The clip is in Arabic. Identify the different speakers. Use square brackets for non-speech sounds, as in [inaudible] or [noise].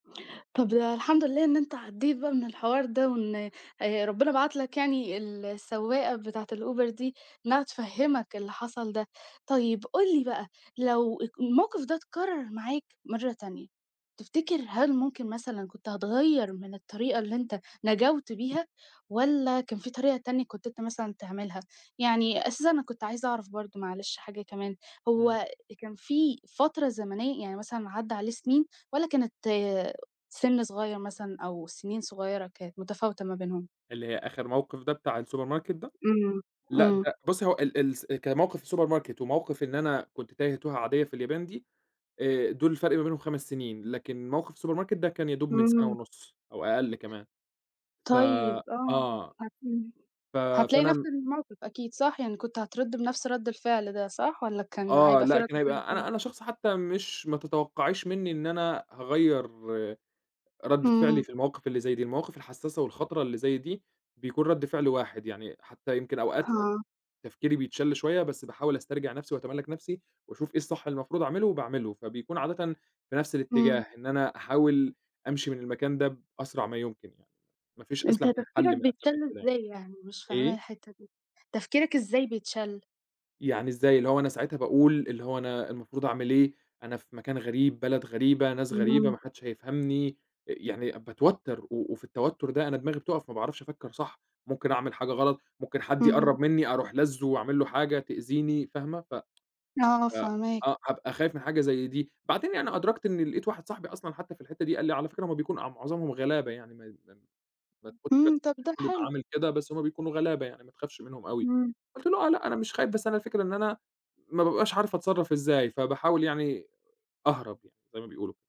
Speaker 1: طَب الحمد لله، إن أنت عديت بقى من الحوار ده، وإن آآ ربنا بعت لك يعني ال السواقة بتاعة الأوبر دي إنّها تفهمك اللي حصل ده، طيّب قُل لي بقى لو الموقف ده اتكرر معاك مرّة تانية، تفتكر هل ممكن مثلًا كنت هتغيّر من الطريقة اللي أنت نجوْت بيها، والّا كان في طريقة تانية كنت أنت مثلًا تعملها؟ يعني أساسًا أنا كنت عايزة أعرف برضه معلش حاجة كمان
Speaker 2: إمم.
Speaker 1: هو كان في فترة زمنيّة يعني مثلًا عدّى عليه سنين، والّا كانت سن صغيّر مثلًا أو سنين صغيّرة كانت متفاوتة ما بينهم؟
Speaker 2: اللي هي آخر موقف ده بتاع الSupermarket ده؟
Speaker 1: إمم،
Speaker 2: لأ
Speaker 1: إمم.
Speaker 2: ده بُصّي هو ال الس كموقف الSupermarket وموقف إن أنا كنت تايّه توهة عاديّة في اليابان دي آآ، دول الفرق ما بينهم 5 سنين لكن موقف الSupermarket ده كان يا دوب من سنة
Speaker 1: إمم.
Speaker 2: ونُص أو أقل كمان ف
Speaker 1: طيب، آه،
Speaker 2: آه.
Speaker 1: أكيد،
Speaker 2: ف
Speaker 1: هتلاقي نفْس
Speaker 2: فأنا
Speaker 1: الموقف أكيد صح؟ يعني كنت هترد بنفْس رد الفعل ده صح، والّا كان
Speaker 2: آه،
Speaker 1: هيبقى في
Speaker 2: لأ،
Speaker 1: رد
Speaker 2: كان
Speaker 1: فعل
Speaker 2: هيبقى أنا
Speaker 1: تاني؟
Speaker 2: أنا شخص حتّى مش ما تتوقعيش مِنّي إن أنا هاغيّر ردّة فعلي
Speaker 1: إمم.
Speaker 2: في المواقف اللي زي دي، المواقف الحساسة والخطرة اللي زي دي بيكون رد فعل واحد يعني، حتّى يمكن أوقات
Speaker 1: ها.
Speaker 2: تفكيري بيتشّل شويّة بس باحاول أسترجع نفْسي وأتملّك نفْسي وأشوف إيه الصح اللي المفروض أعمله وباعمله، فبيكون عادةً في نفْس
Speaker 1: إمم.
Speaker 2: الاتجاه إن أنا أحاول أمشي من المكان ده بأسرع ما يمكن يعني، ما فيش
Speaker 1: أنت
Speaker 2: أسلَم من
Speaker 1: تفكيرك
Speaker 2: حل من أسلم
Speaker 1: بيتشّل
Speaker 2: من كده يعني.
Speaker 1: إزاي يعني؟ مش فاهماها
Speaker 2: إيه؟
Speaker 1: الحتّة، دي تفكيرك إزاي بيتشّل؟
Speaker 2: يعني إزاي؟ اللي هو أنا ساعتها باقول اللي هو أنا المفروض أعمل إيه؟ أنا في مكان غريب بلد غريبة ناس غريبة
Speaker 1: إمم.
Speaker 2: ما حدش هيفهمني، يعني باتوتّر، و وفي التوتّر ده أنا دماغي بتقف ما باعرفش أفكّر صح ممكن أعمل حاجة غلط ممكن حد
Speaker 1: إمم.
Speaker 2: يقرب مِنّي أروح لازُّه وأعملّه حاجة تأذيني، فاهمة ف
Speaker 1: آه،
Speaker 2: ف
Speaker 1: فاهماك.
Speaker 2: آه، هابقى خايف من حاجة زي دي بعدين يعني أدركت إن لقيت واحد صاحبي أصلًا حتّى في الحتّة دي، قال لي: "على فكرة هُم بيكون معظمهم غلابة يعني [unintelligible] ما ما
Speaker 1: إمم. طَب ده
Speaker 2: بيبقى
Speaker 1: حلو.
Speaker 2: عامل كده بس هُم بيكونوا غلابة يعني ما تخافش منهم أوي،"
Speaker 1: إمم.
Speaker 2: قُلت له: "آه لأ أنا مش خايف بس أنا الفكرة إن أنا ما بابقاش عارف أتصرّف إزاي فباحاول يعني أهرب يعني زي ما بيقولوا."